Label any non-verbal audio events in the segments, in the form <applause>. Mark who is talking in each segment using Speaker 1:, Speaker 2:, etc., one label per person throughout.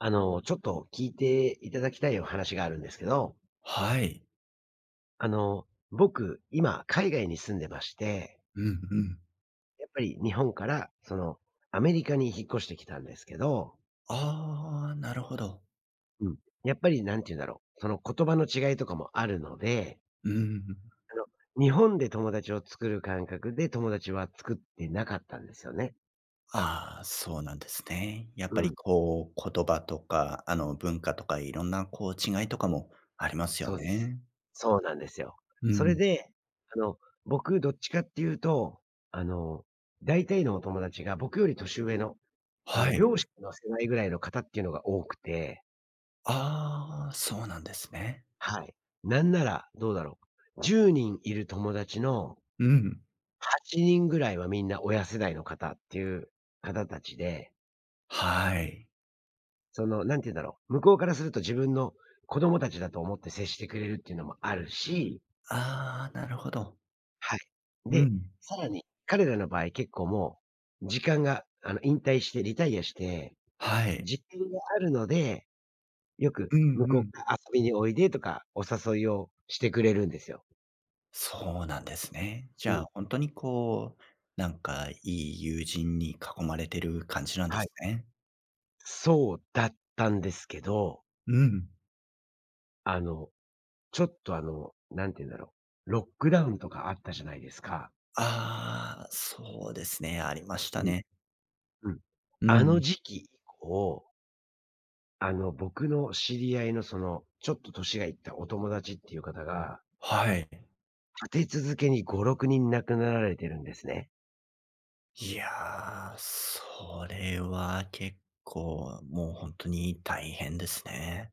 Speaker 1: あの、ちょっと聞いていただきたいお話があるんですけど。
Speaker 2: はい。
Speaker 1: あの、僕、今海外に住んでまして
Speaker 2: うんうん。
Speaker 1: やっぱり日本からそのアメリカに引っ越してきたんですけど
Speaker 2: ああ、なるほど。
Speaker 1: うん、やっぱり何て言うんだろう、その言葉の違いとかもあるので
Speaker 2: うーん。
Speaker 1: あの、日本で友達を作る感覚で友達は作ってなかったんですよね。
Speaker 2: ああ、そうなんですね。やっぱ
Speaker 1: う
Speaker 2: り
Speaker 1: ん。
Speaker 2: こう、言葉とかあの文化とかいろんな、こう、違いとかもありますよ
Speaker 1: そうです。
Speaker 2: ね。
Speaker 1: そうなんですよ。
Speaker 2: う
Speaker 1: それ
Speaker 2: ん。
Speaker 1: で、あの僕どっちかって言うと、あの大体のお友達が僕より年上の、あ
Speaker 2: は
Speaker 1: の、
Speaker 2: い。
Speaker 1: 両親の世代ぐらいの方っていうのが多くて
Speaker 2: ああ、そうなんですね。
Speaker 1: はい。なんなら、どうだろう、10人いる友達の
Speaker 2: うん。
Speaker 1: 8人ぐらいはみんな親世代の方っていう方たちで
Speaker 2: はい。
Speaker 1: その何て言うんだろう、向こうからすると自分の子供たちだと思って接してくれるっていうのもあるし。
Speaker 2: ああ、なるほど。
Speaker 1: はい。
Speaker 2: う
Speaker 1: で、
Speaker 2: ん。
Speaker 1: さらに彼らの場合結構もう時間が、あの引退してリタイアして、
Speaker 2: はい。
Speaker 1: 時間があるのでよく
Speaker 2: うん
Speaker 1: 向
Speaker 2: う
Speaker 1: こう
Speaker 2: ん。
Speaker 1: から遊びにおいでとかお誘いをしてくれるんですよ。
Speaker 2: そうなんですね。じ
Speaker 1: う
Speaker 2: ゃあ
Speaker 1: ん。
Speaker 2: 本当に、こう、なんか、良い友人に囲まれてる感じなんで
Speaker 1: はい。
Speaker 2: すね。
Speaker 1: そうだったんですけど。
Speaker 2: うん。
Speaker 1: あのちょっとあの、何て言うんだろう、ロックダウンとかあったじゃないですか。
Speaker 2: ああ、そうですね、ありました
Speaker 1: うん。
Speaker 2: ね。
Speaker 1: うん。
Speaker 2: う
Speaker 1: あの
Speaker 2: ん。
Speaker 1: 時期以降あの僕の知り合いの、そのちょっと年がいったお友達っていう方が
Speaker 2: はい。
Speaker 1: 立て続けに５、６人亡くなられてるんですね。
Speaker 2: いや、それは結構、もう、本当に大変ですね。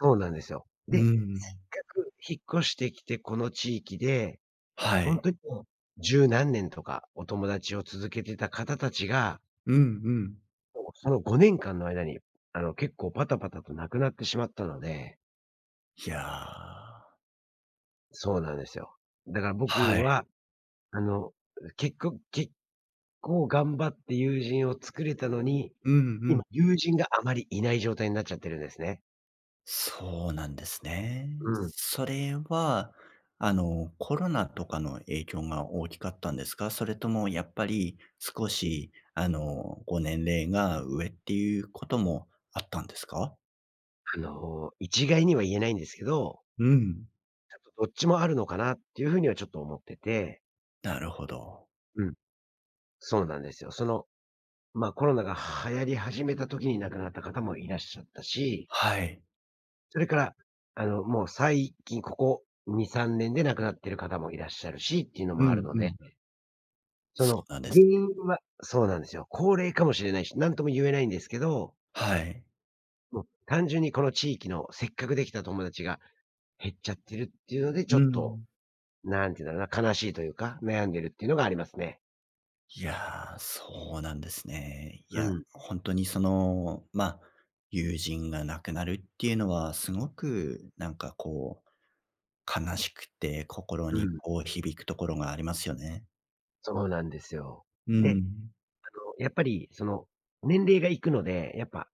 Speaker 1: そうなんですよ。
Speaker 2: うー
Speaker 1: で、せっ
Speaker 2: ん。
Speaker 1: かく引っ越してきて、この地域で
Speaker 2: は
Speaker 1: ほん
Speaker 2: い。
Speaker 1: とにもう10何年とかお友達を続けていた方達が
Speaker 2: うんうん。
Speaker 1: もう、その5年間の間に、あの結構パタパタと亡くなってしまったので
Speaker 2: いやあ。
Speaker 1: そうなんですよ。だから僕
Speaker 2: はい。
Speaker 1: はあのけっこ結構頑張って友人を作れたのに、
Speaker 2: うんう
Speaker 1: 今、
Speaker 2: ん。
Speaker 1: 友人があまりいない状態になっちゃってるんですね。
Speaker 2: そうなんですね。
Speaker 1: うん。
Speaker 2: それは、あの、コロナとかの影響が大きかったんですか？それともやっぱり少しあの、ご年齢が上っていうこともあったんですか？
Speaker 1: あの、一概には言えないんですけど
Speaker 2: うん。
Speaker 1: あと、どっちもあるのかな？っていう風にはちょっと思ってて。
Speaker 2: なるほど。
Speaker 1: うん。そうなんですよ。その、ま、コロナが流行り始めた時に亡くなった方もいらっしゃったし
Speaker 2: はい。
Speaker 1: それからあのもう最近ここ2、3年で亡くなってる方もいらっしゃるしっていうの
Speaker 2: う
Speaker 1: もある
Speaker 2: ん
Speaker 1: の
Speaker 2: う
Speaker 1: で、
Speaker 2: ん。
Speaker 1: そ
Speaker 2: そ
Speaker 1: の
Speaker 2: うなんで
Speaker 1: 原
Speaker 2: すね。
Speaker 1: 因はそうなんですよ。高齢かもしれないし、何とも言えないんですけど
Speaker 2: はい。
Speaker 1: もう単純にこの地域の、せっかくできた友達が減っちゃってるっていうので、
Speaker 2: う
Speaker 1: ちょ
Speaker 2: ー
Speaker 1: っと、
Speaker 2: ん。
Speaker 1: 何て言うのかな、悲しいというか、悩んでるっていうのがありますね。
Speaker 2: いやあ、そうなんですね。い
Speaker 1: う
Speaker 2: や、
Speaker 1: ん。
Speaker 2: 本当にその、ま、友人が亡くなるっていうのはすごく、なんか、こう、悲しくて、心
Speaker 1: う
Speaker 2: に、
Speaker 1: ん。
Speaker 2: こう、響くところがありますよね。
Speaker 1: そうなんですよ。
Speaker 2: うー
Speaker 1: で、
Speaker 2: ん。
Speaker 1: あの、やっぱり、その年齢がいくので、やっぱ、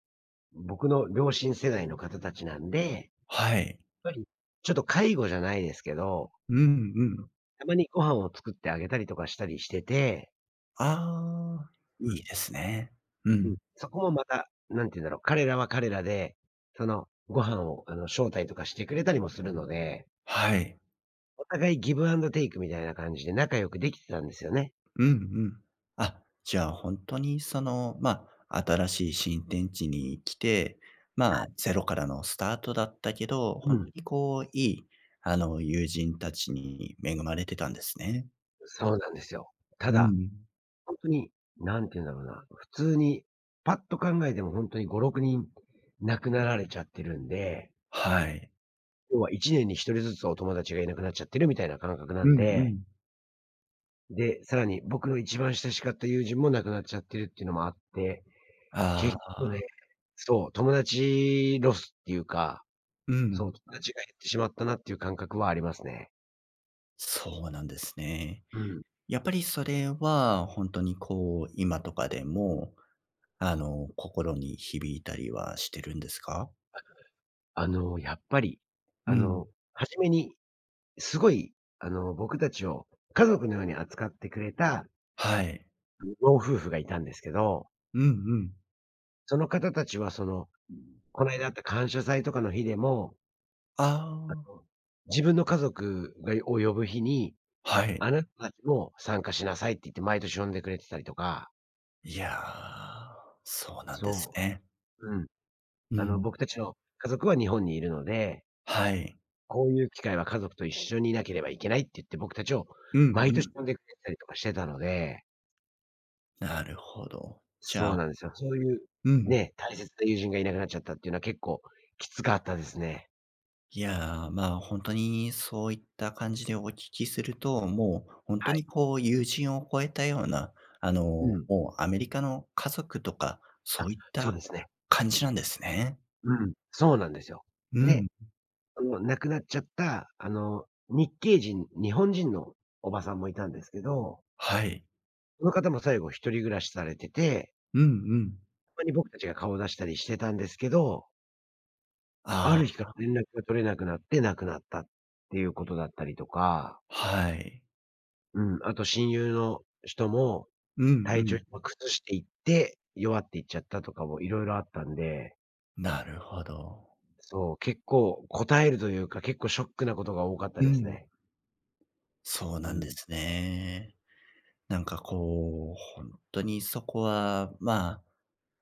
Speaker 1: 僕の両親世代の方達なんで、やっ
Speaker 2: はい。
Speaker 1: ぱり、ちょっと介護じゃないですけど、
Speaker 2: うんうん。
Speaker 1: たまにご飯を作ってあげたりとかしたりしてて
Speaker 2: ああ、
Speaker 1: う
Speaker 2: いい
Speaker 1: ん。
Speaker 2: ですね。う
Speaker 1: うん、
Speaker 2: ん。
Speaker 1: そこもまた何て言うんだろう、彼らは彼らで、その、ご飯をあの招待とかしてくれたりもするので
Speaker 2: はい。
Speaker 1: お互いギブアンドテイクみたいな感じで仲良くできてたんですよね。
Speaker 2: うんうん。あ、じゃあ本当に、その、ま、新しい新天地に来て、
Speaker 1: は
Speaker 2: まあ、
Speaker 1: い。
Speaker 2: ゼロからのスタートだったけど、
Speaker 1: う
Speaker 2: 本当
Speaker 1: ん。
Speaker 2: に、こう、良い、あの、友人たちに恵まれてたんですね。
Speaker 1: そうなんですよ。た
Speaker 2: う
Speaker 1: だ、
Speaker 2: ん。
Speaker 1: 本当に何て言うんだろうな、普通にパッと考えても本当に5、6人亡くなられちゃってるんで
Speaker 2: はい。
Speaker 1: 要は一年に一人ずつお友達がいなくなっちゃってるみたいな感覚な
Speaker 2: う
Speaker 1: ん
Speaker 2: んう
Speaker 1: で
Speaker 2: ん。
Speaker 1: で、さらに僕、一番親しかった友人も亡くなっちゃってるっていうのもあって、
Speaker 2: あ
Speaker 1: 結構ね、
Speaker 2: あ。
Speaker 1: そう、友達ロスっていうか、
Speaker 2: う
Speaker 1: そう、
Speaker 2: ん。
Speaker 1: 友達が減ってしまったなっていう感覚はありますね。
Speaker 2: そうなんですね。
Speaker 1: うん。
Speaker 2: やっぱりそれは本当にこう、今とかでも、あの、心に響いたりはしてるんですか？
Speaker 1: あの、やっぱり、
Speaker 2: う
Speaker 1: あ
Speaker 2: ん。
Speaker 1: の、初めにすごいあの僕たちを家族のように扱ってくれた
Speaker 2: はい。
Speaker 1: 老夫婦がいたんですけど
Speaker 2: うんうん。
Speaker 1: その方たちはその、こないだあった感謝祭とかの日でも
Speaker 2: あ
Speaker 1: あ
Speaker 2: あ。
Speaker 1: の、自分の家族がを、呼ぶ日に、
Speaker 2: はい。
Speaker 1: あなたたちも参加しなさいって言って毎年呼んでくれてたりとか。
Speaker 2: いやあ、そうなんです
Speaker 1: そ
Speaker 2: ね。
Speaker 1: う。うん。
Speaker 2: う
Speaker 1: あの
Speaker 2: ん。
Speaker 1: 僕たちの家族は日本にいるので
Speaker 2: はい。
Speaker 1: こういう機会は家族と一緒にいなければいけないって言って、僕たちを
Speaker 2: うん
Speaker 1: 毎
Speaker 2: う
Speaker 1: 年
Speaker 2: ん。
Speaker 1: 呼んでくれたりとかしてたので
Speaker 2: なるほど、じゃ
Speaker 1: そう
Speaker 2: あ
Speaker 1: なんですよ。そういう
Speaker 2: うん。
Speaker 1: ね、大切な友人がいなくなっちゃったってのは結構きつかったですね。
Speaker 2: いやあ、ま、ほんとにそういった感じでお聞きすると、もう本当
Speaker 1: はい。
Speaker 2: にこう友人を超えたような、あの
Speaker 1: うん。
Speaker 2: もうアメリカの家族とか
Speaker 1: あ、
Speaker 2: そういっ
Speaker 1: そう
Speaker 2: た
Speaker 1: ですね。
Speaker 2: 感じなんですね。
Speaker 1: うん、そうなんですよ。
Speaker 2: う
Speaker 1: で、
Speaker 2: ん。
Speaker 1: あの亡くなっちゃったあの、日系人日本人のおばさんもいたんですけど
Speaker 2: はい。
Speaker 1: その方も最後一人暮らしされてて
Speaker 2: うんうん。
Speaker 1: たまに僕たちが顔を出したりしてたんですけどあ
Speaker 2: ああ。
Speaker 1: る日から連絡が取れなくなって、亡くなったっていうことだったりとか
Speaker 2: はい。
Speaker 1: うん、あと親友の人も
Speaker 2: うんう
Speaker 1: 体調
Speaker 2: ん。
Speaker 1: 崩していって、弱っていっちゃったとかも色々あったんで
Speaker 2: なるほど。
Speaker 1: そう、結構堪えるというか、結構ショックなことが多かった
Speaker 2: う
Speaker 1: です
Speaker 2: ん。
Speaker 1: ね。
Speaker 2: そう
Speaker 1: う
Speaker 2: なんで
Speaker 1: ん。
Speaker 2: すね。なんかこう、本当にそこは、ま、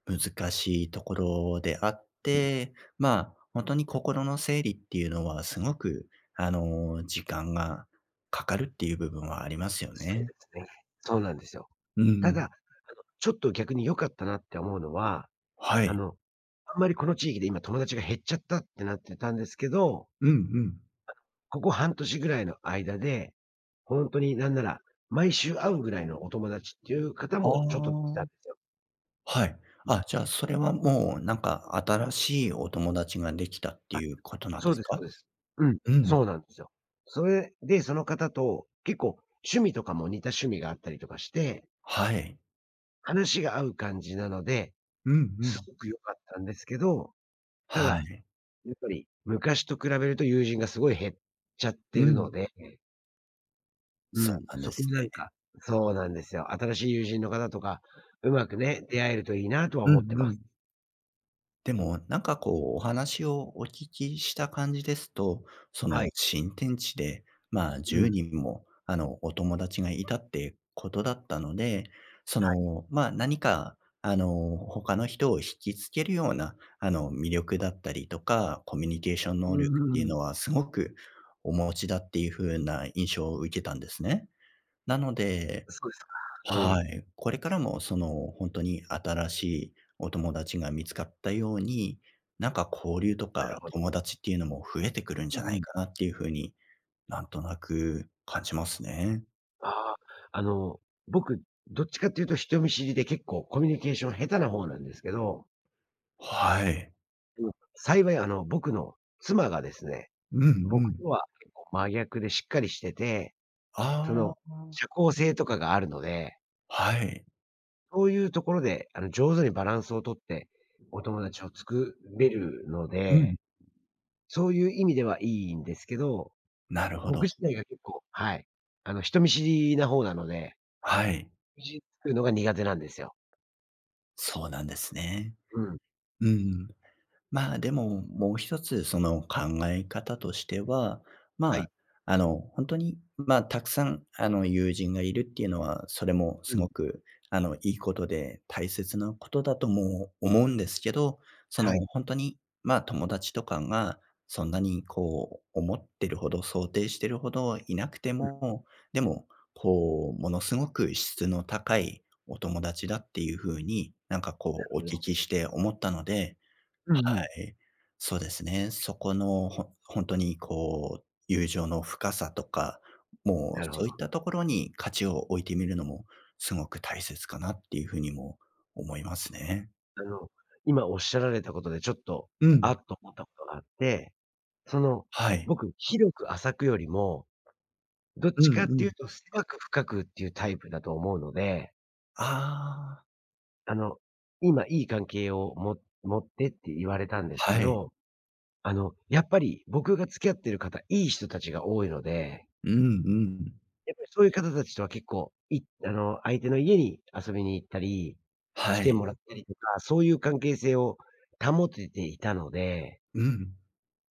Speaker 2: 難しいところであっ
Speaker 1: うん。
Speaker 2: て、ま、本当に心の整理っていうのはすごくあの、時間がかかるっていう部分はありますよ
Speaker 1: そう
Speaker 2: ね。
Speaker 1: ですね。そうなんですよ。
Speaker 2: う
Speaker 1: ただ、あ
Speaker 2: ん。
Speaker 1: のちょっと逆に良かったなって思うのは、
Speaker 2: は
Speaker 1: あ
Speaker 2: い。
Speaker 1: の、あんまりこの地域で今友達が減っちゃったってなってたんですけど。
Speaker 2: うんうん。
Speaker 1: ここ半年ぐらいの間で、本当に何なら毎週会うぐらいのお友達っていう方
Speaker 2: あ
Speaker 1: もちょっと出来たん
Speaker 2: あ、
Speaker 1: ですよ。
Speaker 2: はい。あ、じゃ、それはもう何か新しいお友達が出来たって
Speaker 1: あ、
Speaker 2: いうことなん
Speaker 1: そ
Speaker 2: で
Speaker 1: う
Speaker 2: す
Speaker 1: です、そ
Speaker 2: か？
Speaker 1: うです。うん、
Speaker 2: う
Speaker 1: そ
Speaker 2: ん。
Speaker 1: うなんですよ。それでその方と、結構趣味とかも似た趣味があったりとかして。
Speaker 2: はい。
Speaker 1: 話が合う感じなので、
Speaker 2: うんう
Speaker 1: す
Speaker 2: ん。
Speaker 1: ごく良かったんですけど、た
Speaker 2: は
Speaker 1: だ
Speaker 2: い。
Speaker 1: やっぱり昔と比べると友人がすごい減っちゃって
Speaker 2: う
Speaker 1: る
Speaker 2: ん。
Speaker 1: ので。う
Speaker 2: そう
Speaker 1: ん、
Speaker 2: なんで
Speaker 1: そこ
Speaker 2: す
Speaker 1: になん
Speaker 2: ね。
Speaker 1: か、そうなんですよ。新しい友人の方とか、うまくね、出会えるといいなとは
Speaker 2: う
Speaker 1: 思って
Speaker 2: んう
Speaker 1: ます。
Speaker 2: ん。でも、なんかこうお話をお聞きした感じですと、そ
Speaker 1: は
Speaker 2: の、
Speaker 1: い。
Speaker 2: 新天地でまあ
Speaker 1: う
Speaker 2: じゅう
Speaker 1: ん。
Speaker 2: にんも、あの、お友達がいたってことだったので、そ
Speaker 1: はい。
Speaker 2: の、ま、何か、あの、他の人を惹きつけるような、あの、魅力だったりとか、コミュニケーション
Speaker 1: う
Speaker 2: 能力っていう
Speaker 1: ーん。
Speaker 2: のは凄くお持ちだっていう風な印象を受けたんですね。なので、
Speaker 1: そうですか。う
Speaker 2: は
Speaker 1: ん。
Speaker 2: い、これからもその、本当に新しいお友達が見つかったように、なんか交流と
Speaker 1: な
Speaker 2: か
Speaker 1: るほど。
Speaker 2: 友達っていうのも増えてくるん
Speaker 1: う
Speaker 2: じゃ
Speaker 1: ん
Speaker 2: な
Speaker 1: う
Speaker 2: い
Speaker 1: ん。
Speaker 2: かなっていう風に、なんとなく感じますね。
Speaker 1: あ、あの、僕どっちかって言うと人見知りで結構コミュニケーション下手な方なんですけど。
Speaker 2: はい。
Speaker 1: うん、幸いあの、僕の妻がですね、
Speaker 2: うんう
Speaker 1: 僕と
Speaker 2: ん。
Speaker 1: は結構真逆でしっかりしてて、そ
Speaker 2: あ
Speaker 1: の、
Speaker 2: あ。
Speaker 1: 社交性とかがあるので。
Speaker 2: はい。
Speaker 1: そういうところで、あの、上手にバランスを取ってお友達を作れるの
Speaker 2: うん。
Speaker 1: で、そういう意味ではいいんですけど、
Speaker 2: なるほ
Speaker 1: 僕
Speaker 2: ど。
Speaker 1: 自体が結構、はい、あの、人見知りな方なので。
Speaker 2: はい。
Speaker 1: <unintelligible> 作るのが苦手なんですよ。
Speaker 2: そうなんですね。
Speaker 1: うん。
Speaker 2: うん、ま、でも、もう一つその考え方としては、
Speaker 1: はい。
Speaker 2: ま、あの、本当に、ま、たくさん、あの、友人が居るっていうのは、それも
Speaker 1: うん。
Speaker 2: 凄く、あの、良いことで大切な事だとも思うんですけど、そ
Speaker 1: は
Speaker 2: の、
Speaker 1: い。
Speaker 2: 本当に、ま、友達とかがそんなにこう思ってるほど、想定しているほどいなくて
Speaker 1: うん。
Speaker 2: も、でも、こう、ものすごく質の高いお友達だっていう風に、なんか
Speaker 1: な
Speaker 2: こう、お
Speaker 1: るほ
Speaker 2: 聞
Speaker 1: ど。
Speaker 2: きして思ったので、
Speaker 1: う
Speaker 2: は
Speaker 1: んうん。
Speaker 2: い、そうですね。そこの、ほ本当にこう、友情の深さとか、も
Speaker 1: な
Speaker 2: う、
Speaker 1: るほ
Speaker 2: そうい
Speaker 1: ど。
Speaker 2: ったところに価値を置いてみるのもすごく大切かなっていう風にも思いますね。
Speaker 1: あの、今おっしゃられたことでちょっと、
Speaker 2: う
Speaker 1: 「あ。」
Speaker 2: ん。
Speaker 1: と思ったことがあって、その、
Speaker 2: はい。
Speaker 1: 僕広く浅くよりも、どっ
Speaker 2: <swallows> うん
Speaker 1: ちかって
Speaker 2: う
Speaker 1: 言う
Speaker 2: ん。
Speaker 1: と狭く深くっていうタイプだと思うので。
Speaker 2: ああ。
Speaker 1: あの、今良い関係を、も持ってって言われたんですけ
Speaker 2: はい。
Speaker 1: ど、あの、やっぱり、僕が付き合ってる方、良い人たちが多いので
Speaker 2: うんうん。
Speaker 1: やっぱりそういう方達とは、結構、いあの相手の家に遊びに行ったり、来
Speaker 2: は
Speaker 1: て
Speaker 2: い。
Speaker 1: もらったりとか、そういう関係性を保てていたので
Speaker 2: うん。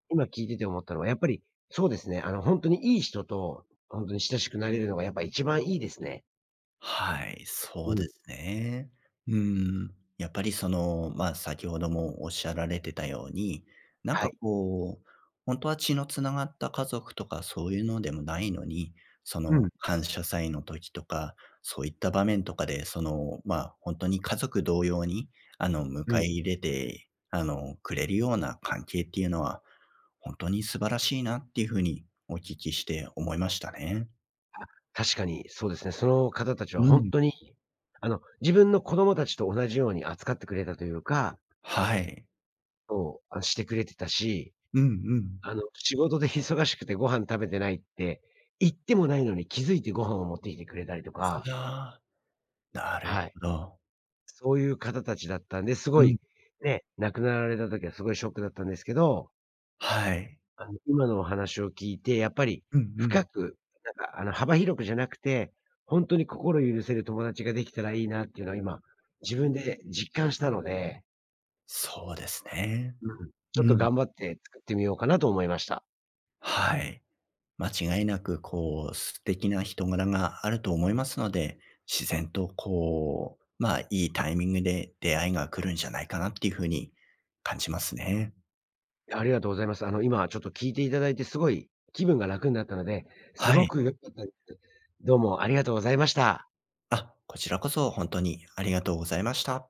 Speaker 1: 今聞いてて思ったのはやっぱり、そうですね。あの、本当に良い人と本当に親しくなれるのがやっぱり一番いいですね。
Speaker 2: はい、
Speaker 1: う
Speaker 2: そうで
Speaker 1: ん。
Speaker 2: すね。うーん、やっぱりその、ま、先ほどもおっしゃられてたように、なん
Speaker 1: は
Speaker 2: か
Speaker 1: い。
Speaker 2: こう、本当は血の繋がった家族とかそういうのでもないのに、そ
Speaker 1: う
Speaker 2: の、
Speaker 1: ん。
Speaker 2: 感謝祭の時とか、そういった場面とかで、その、ま、本当に家族同様に、あの、迎
Speaker 1: う
Speaker 2: え入
Speaker 1: ん。
Speaker 2: れて、あの、くれるような関係っていうのは本当に素晴らしいなっていう風にお聞きして思いましたね。
Speaker 1: あ、確かにそうですね。その方達は
Speaker 2: う
Speaker 1: 本
Speaker 2: ん。
Speaker 1: 当にあの、自分の子供達と同じように扱ってくれたと言うか
Speaker 2: はい。
Speaker 1: そう、あ、してくれてたし。
Speaker 2: うんうん。
Speaker 1: あの、仕事で忙しくてご飯食べてないって、言ってもないのに気づいてご飯を持ってきてくれたりとか
Speaker 2: ああ、なる
Speaker 1: はい。
Speaker 2: ほど。
Speaker 1: そういう方たちだったんで、すご
Speaker 2: うん。
Speaker 1: い、ね、亡くなられた時はすごいショックだったんですけど。
Speaker 2: はい。
Speaker 1: あの、今のお話を聞いて、やっぱり、
Speaker 2: うんう
Speaker 1: 深
Speaker 2: ん。
Speaker 1: く、なんか、あの、幅広くじゃなくて、本当に心を許せる友達ができたらいいなっていうのは、今自分で実感したので
Speaker 2: そうですね。
Speaker 1: うん、
Speaker 2: う
Speaker 1: ちょっと
Speaker 2: ん。
Speaker 1: 頑張って作ってみようかなと思いました。
Speaker 2: はい。間違いなく、こう、素敵な人柄があると思いますので、自然と、こう、ま、いいタイミングで出会いが来るんじゃないかなっていう風に感じますね。
Speaker 1: ありがとうございます。あの、今ちょっと聞いていただいて、すごい気分が楽になったので、す
Speaker 2: は
Speaker 1: ご
Speaker 2: い。
Speaker 1: く良かったです。どうもありがとうございました。
Speaker 2: あ、こちらこそ本当にありがとうございました。